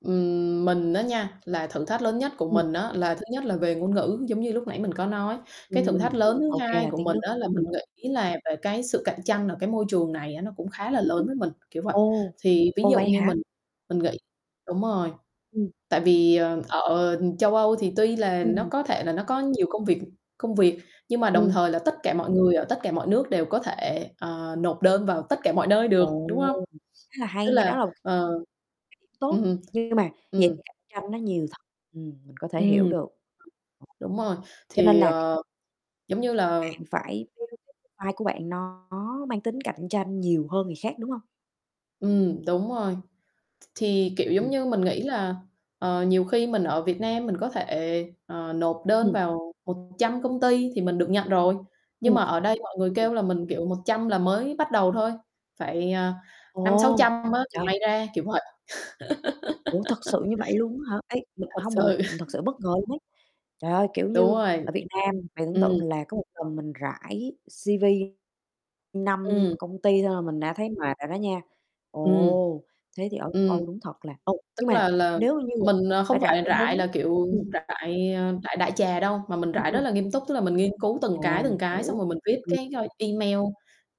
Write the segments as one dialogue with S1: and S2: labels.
S1: Ừm, mình á nha, là thử thách lớn nhất của
S2: Ừm.
S1: mình á là thứ nhất là về ngôn ngữ, giống như lúc nãy mình có nói, cái thử
S2: Ừm,
S1: thách lớn
S2: ửm,
S1: thứ
S2: ô kê,
S1: 2
S2: là
S1: của
S2: tiếng
S1: mình
S2: Đức.
S1: á là mình
S2: Ừm.
S1: nghĩ là về cái sự cạnh tranh ở cái môi trường này á, nó cũng khá là lớn với mình, kiểu vậy.
S2: Ồ.
S1: Thì ví
S2: Ồ,
S1: dụ
S2: vậy
S1: như
S2: hả?
S1: mình, mình nghĩ đúng rồi,
S2: Ừm.
S1: tại vì, ờ, ở, ờ, châu Âu thì tuy là nó
S2: Ừm.
S1: có thể là nó có nhiều công việc công việc, nhưng mà đồng
S2: Ừm.
S1: thời là tất cả mọi người ở tất cả mọi nước đều có thể, ờ, nộp đơn vào tất cả mọi nơi được,
S2: Ồ!
S1: đúng hông?
S2: Rất là
S1: Tức
S2: hay nha, đó
S1: là
S2: là
S1: ờ.
S2: [unintelligible] tốt,
S1: Ừm.
S2: nhưng mà vậy thì
S1: Ừm.
S2: cạnh tranh nó nhiều thật. Ừm, mình có thể hiểu
S1: Ừm.
S2: được.
S1: Đúng rồi,
S2: Cho nên
S1: thì,
S2: là
S1: ờ,
S2: kiểu
S1: giống như là
S2: bạn phải build cái profile của bạn nó mang tính cạnh tranh nhiều hơn người khác, đúng hông?
S1: Ừm, đúng rồi, ch thì, kiểu, giống
S2: Ừm.
S1: như mình nghĩ là, ờ, nhiều khi mình ở Việt Nam mình có thể, ờ, nộp đơn
S2: Ừm.
S1: vào một trăm công ty thì mình được nhận rồi, nhưng
S2: Ừm.
S1: mà ở đây mọi người
S2: Ừm, ừm.
S1: kêu là mình, kiểu, 100 là mới bắt đầu thôi, phải, à, 5 sáu
S2: Ồ!
S1: trăm á thì
S2: Trời.
S1: may ra, kiểu vậy.
S2: Ủa thật sự như vậy luôn á hả? Ê, mình
S1: Thật
S2: hông, mình
S1: sự.
S2: mình thật sự bất ngờ luôn ầy. Trời ơi, kiểu
S1: Đúng
S2: như,
S1: rồi.
S2: ở Việt Nam bạn tưởng
S1: Ừm.
S2: tượng là có 1 lần mình rải CV 5
S1: Ừm.
S2: công ty thôi là mình đã thấy mệt rồi đó nha.
S1: Ừm.
S2: Ồ! Thế thì ở châu
S1: Ừm.
S2: Âu đúng thật là ồ,
S1: Tức
S2: nhưng mà,
S1: là là
S2: nếu như
S1: mình, ờ,
S2: ta
S1: không
S2: rải
S1: phải rải
S2: đến
S1: là, kiểu,
S2: ừm.
S1: rải, rải, ờ, đại đại trà đâu, mà mình
S2: Ừm,
S1: rải rất
S2: ừm.
S1: là nghiêm túc, tức là mình nghiên cứu từng
S2: À,
S1: cái,
S2: mình
S1: từng cái, xong
S2: hiểu.
S1: rồi mình viết
S2: Ừm.
S1: cái, ơ, email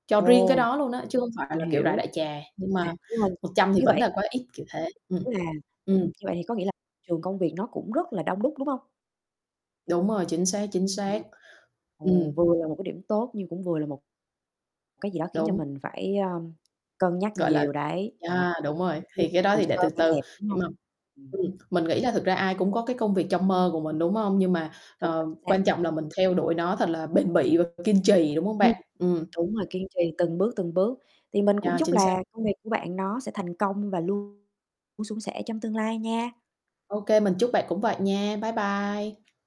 S1: cho riêng cái
S2: Ồ.
S1: đó luôn á, chứ hông phải
S2: Mình
S1: là, kiểu, rải
S2: hiểu.
S1: đại trà, nhưng
S2: À,
S1: mà
S2: nhưng mà
S1: 100 thì
S2: như
S1: vẫn là
S2: vậy
S1: quá ít, kiểu thế. Ừm,
S2: ý là, ừm,
S1: ừm.
S2: như vậy thì có nghĩa là trường công việc nó cũng rất là đông đúc, đúng hông?
S1: Đúng rồi, chính xác, chính
S2: Ừm.
S1: xác.
S2: Ồ,
S1: Ừm.
S2: vừa là một cái điểm tốt nhưng cũng vừa là một cái gì đó khiến cho
S1: Đúng.
S2: mình phải, ờm, cân nhắc
S1: Gọi là
S2: nhiều đấy. Ồ,
S1: yeah, đúng rồi,
S2: ưm,
S1: thì cái đó
S2: hồ
S1: thì để
S2: sơ
S1: từ
S2: phải
S1: từ,
S2: đẹp, đúng
S1: nhưng
S2: hông?
S1: mà,
S2: Ừm.
S1: ừm, mình nghĩ là thực ra ai cũng có cái công việc trong mơ của mình, đúng hông? Nhưng mà,
S2: Đúng rồi,
S1: ờ,
S2: chính
S1: quan
S2: xác.
S1: trọng là mình theo đuổi nó thật là bền bỉ và kiên trì, đúng hông
S2: Ừm.
S1: bạn? Ừm.
S2: Đúng rồi, kiên trì từng bước, từng bước. Thì mình cũng
S1: Yeah,
S2: chúc
S1: chính
S2: là
S1: xác.
S2: công việc của bạn nó sẽ thành công và luôn suôn sẻ trong tương lai nha.
S1: Ô kê, mình chúc bạn cũng vậy nha. Bye bye.